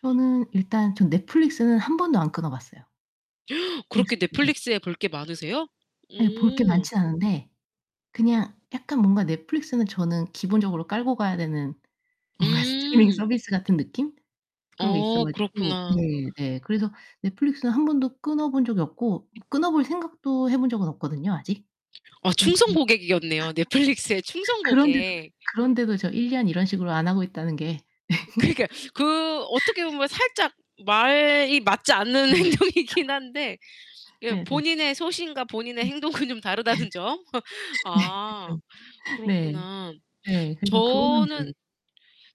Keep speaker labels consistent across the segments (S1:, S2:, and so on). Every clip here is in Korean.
S1: 저는 일단 전 넷플릭스는 1 번도 안 끊어 봤어요. 넷플릭스
S2: 그렇게
S1: 네.
S2: 넷플릭스에 볼 게 많으세요?
S1: 예. 볼 게
S2: 음.
S1: 많진 않은데 그냥 약간 뭔가 넷플릭스는 저는 기본적으로 깔고 가야 되는 뭔가 스트리밍
S2: 음.
S1: 서비스 같은 느낌? 그런게 있어
S2: 어
S1: 가지고
S2: 그렇구나.
S1: 네 네. 그래서 넷플릭스는 1 번도 끊어 본 적이 없고 끊어 볼 생각도 해 본 적은 없거든요, 아직.
S2: 아
S1: 음음.
S2: 충성 고객이었네요. 넷플릭스의 충성
S1: 그런데도
S2: 고객.
S1: 그런데도 저 1 년 이런 식으로 안 하고 있다는 게.
S2: 그러니까요 그 어떻게 보면 살짝 말이 맞지 않는
S1: 네.
S2: 행동이긴
S1: 그쵸.
S2: 한데 이게
S1: 네네.
S2: 본인의 소신과 본인의
S1: 네.
S2: 행동은 좀 다르다는 점.
S1: 예. 네.
S2: 아
S1: 그쵸. 네.
S2: 그렇구나.
S1: 네. 그래서 그거는 이제
S2: 저는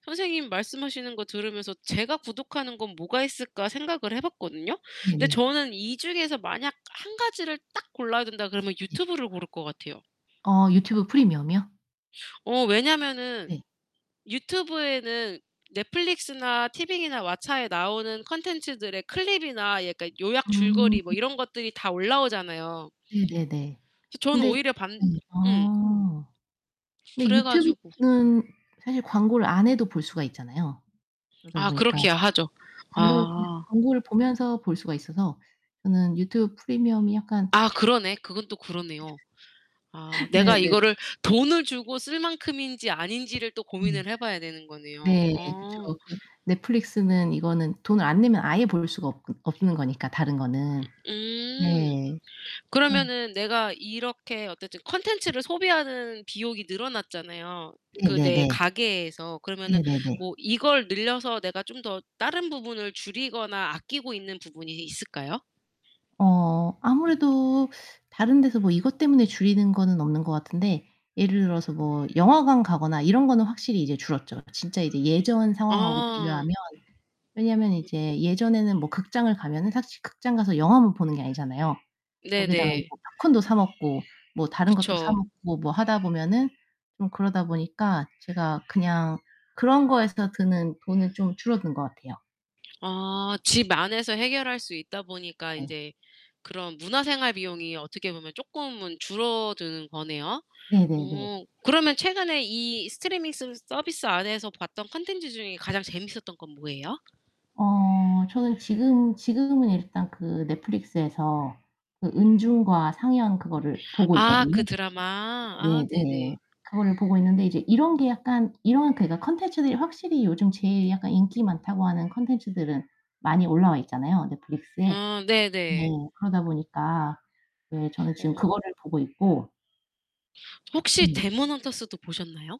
S2: 선생님 말씀하시는 거 들으면서 '제가 구독하는 건 뭐가 있을까?' 생각을 해 봤거든요. 근데
S1: 네네.
S2: 저는 이 중에서 만약 1 가지를 딱 골라야 된다 그러면
S1: 네.
S2: 유튜브를 고를 것 같아요.
S1: 어 유튜브 프리미엄이요?
S2: 어 왜냐면은
S1: 네.
S2: 유튜브에는 넷플릭스나 티빙이나 왓챠에 나오는 컨텐츠들의 클립이나 약간 요약
S1: 음.
S2: 줄거리 뭐 이런 것들이 다 올라오잖아요.
S1: 네네네.
S2: 그래서 저는
S1: 근데
S2: 오히려 반
S1: 네.
S2: 음.
S1: 아. 근데
S2: 그래 가지고
S1: 유튜브는 사실 광고를 안 해도 볼 수가 있잖아요. 그러다
S2: 아
S1: 보니까
S2: 그렇기야 하죠.
S1: 광고 그냥
S2: 아.
S1: 광고를 보면서 볼 수가 있어서 저는 유튜브 프리미엄이 약간
S2: 아 그러네. 그건 또 그러네요. 아
S1: 네.
S2: 내가
S1: 네네.
S2: 이거를 돈을 주고 쓸 만큼인지 아닌지를 또
S1: 네.
S2: 고민을 해 봐야 되는 거네요.
S1: 네. 그쵸.
S2: 어.
S1: 그 넷플릭스는 이거는 돈을 안 내면 아예 볼 수가 없 없는거니까, 다른거는.
S2: 으 음.
S1: 네. 어.
S2: 그러면은 내가 이렇게 어쨌든 컨텐츠를 소비하는 비용이 늘어났잖아요, 그 내
S1: 네네네.
S2: 가계에서. 그러면은
S1: 네네네.
S2: 뭐 이걸 늘려서 내가 좀 더 다른 부분을 줄이거나 아끼고 있는 부분이 있 있을까요?
S1: 어 아무래도 다른 데서 뭐 이것 때문에 줄이는 거는 없는 것 같은데 예를 들어서 뭐 영화관 가거나 이런 거는 확실히 이제 줄었죠. 진짜 이제 예전 상황하고
S2: 아.
S1: 비교하면 왜냐면
S2: 음.
S1: 이제 예전에는 뭐 극장을 가면은 사실 극장가서 영화만 보는 게 아니잖아요. 거기다가 이제
S2: 네네.
S1: 팝콘도 사 먹고 뭐 다른 것도 사
S2: 그쵸.
S1: 먹고 뭐 하다 보면은 좀 그러다 보니까 제가 그냥 그런 거에서 드는 돈은 좀 줄어든 것 같아요.
S2: 아. 집 안에서 해결할 수 있다 보니까
S1: 네.
S2: 인제 그런 문화생활 비용이 어떻게 보면 쪼끔은 줄어드는 거네요.
S1: 네네네.
S2: 어 그러면 최근에 이 스트리밍 스 서비스 안에서 봤던 컨텐츠 중에 가장 재미있었던 건 뭐예요?
S1: 어 저는 지금 지금은 일단 그 넷플릭스에서 그 은중과 상연 그거를 보고
S2: 아. 그
S1: 있거든요.
S2: 드라마. 아
S1: 네네 네.
S2: 네네.
S1: 그거를 보고 있는데 이제 이런 게 약간 이런 그러니까 콘텐츠들이 확실히 요즘 제일 약간 인기 많다고 하는 콘텐츠들은 많이 올라와 있잖아요, 넷플릭스에.
S2: 아.
S1: 네.
S2: 네네.
S1: 그러다 보니까 네. 저는 지금
S2: 어.
S1: 그거를 보고 있고
S2: 혹시
S1: 네.
S2: 데몬헌터스도 보셨나요?